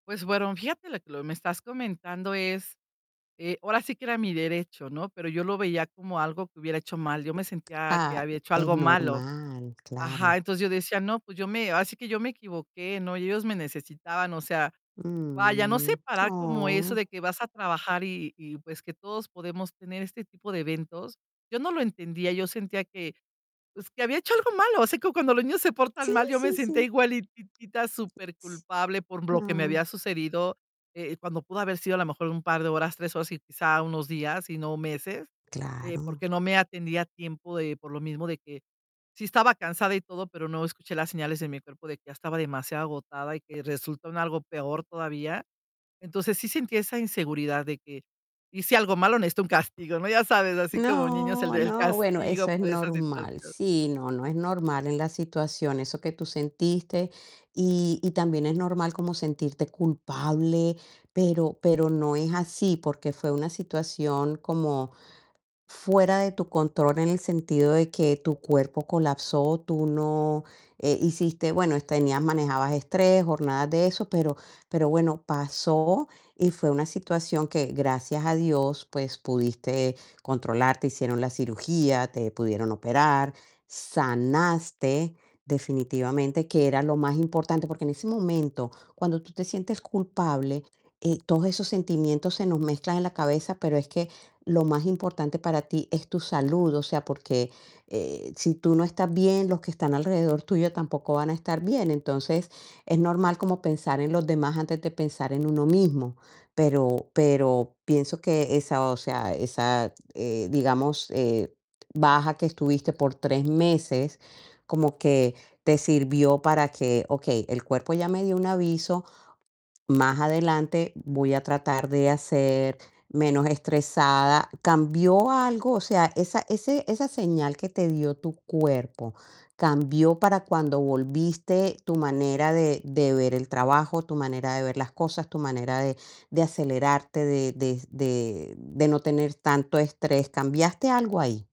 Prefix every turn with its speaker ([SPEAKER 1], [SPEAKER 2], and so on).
[SPEAKER 1] Pues, bueno fíjate la que lo me estás comentando es, eh, ahora sí que era mi derecho, ¿no? Pero yo lo veía como algo que hubiera hecho mal. Yo me sentía que
[SPEAKER 2] Ah,
[SPEAKER 1] había hecho
[SPEAKER 2] es
[SPEAKER 1] algo malo,
[SPEAKER 2] normal,
[SPEAKER 1] ajá,
[SPEAKER 2] claro.
[SPEAKER 1] entonces, yo decía: "No, pues yo me ahora sí que yo me equivoqué, ¿no?, ellos me necesitaban". O sea, vaya, no
[SPEAKER 2] Mm,
[SPEAKER 1] separar como eso
[SPEAKER 2] oh.
[SPEAKER 1] de que vas a trabajar, y y pues, que todos podemos tener este tipo de eventos. Yo no lo entendía, yo sentía que, pues, que había hecho algo malo. Así como cuando los niños se portan
[SPEAKER 2] Sí,
[SPEAKER 1] mal, yo me
[SPEAKER 2] sí,
[SPEAKER 1] sentía
[SPEAKER 2] sí.
[SPEAKER 1] igualitita superculpable por lo que me
[SPEAKER 2] No.
[SPEAKER 1] había sucedido, eh, cuando pudo haber sido a lo mejor un par de horas, 3 horas, y quizá, unos días y no meses, eh,
[SPEAKER 2] Claro.
[SPEAKER 1] porque no me atendí a tiempo de por lo mismo de que sí estaba cansada y todo, pero no escuché las señales de mi cuerpo de que ya estaba demasiado agotada y que resultó en algo peor todavía. Entonces, sí sentí esa inseguridad de que hice algo malo, necesito un castigo, ¿no? Ya sabes, así como niños, el
[SPEAKER 2] No,
[SPEAKER 1] el
[SPEAKER 2] no, bueno,
[SPEAKER 1] castigo
[SPEAKER 2] eso es
[SPEAKER 1] por esa
[SPEAKER 2] normal.
[SPEAKER 1] situación.
[SPEAKER 2] Sí, no, no, es normal en la situación eso que tú sentiste. Y, y también es normal como sentirte culpable, pero pero no es así, porque fue una situación como fuera de tu control en el sentido de que tu cuerpo colapsó, tú no eh, hiciste bueno, tenías manejabas estrés, jornadas de eso, pero pero bueno, pasó y fue una situación que gracias a Dios, pues, pudiste controlar, te hicieron la cirugía, te pudieron operar, sanaste definitivamente, que era lo más importante, porque en ese momento cuando tú te sientes culpable, eh, todos esos sentimientos se nos mezclan en la cabeza, pero es que lo más importante para ti es tu salud. O sea, porque, eh, si tú no estás bien, los que están alrededor tuyo tampoco van a estar bien. Entonces, es normal como pensar en los demás antes de pensar en uno mismo. Pero, pero pienso que esa, o sea, esa, eh, digamos, eh, baja que estuviste por 3 meses como que te sirvió para que: "Okey, el cuerpo ya me dio un aviso. Más adelante voy a tratar de hacer menos estresada". ¿Cambió algo? O sea, esa ese esa señal que te dio tu cuerpo, ¿cambió para cuando volviste tu manera de de ver el trabajo, tu manera de ver las cosas, tu manera de de acelerarte, de de de de no tener tanto estrés? ¿Cambiaste algo ahí?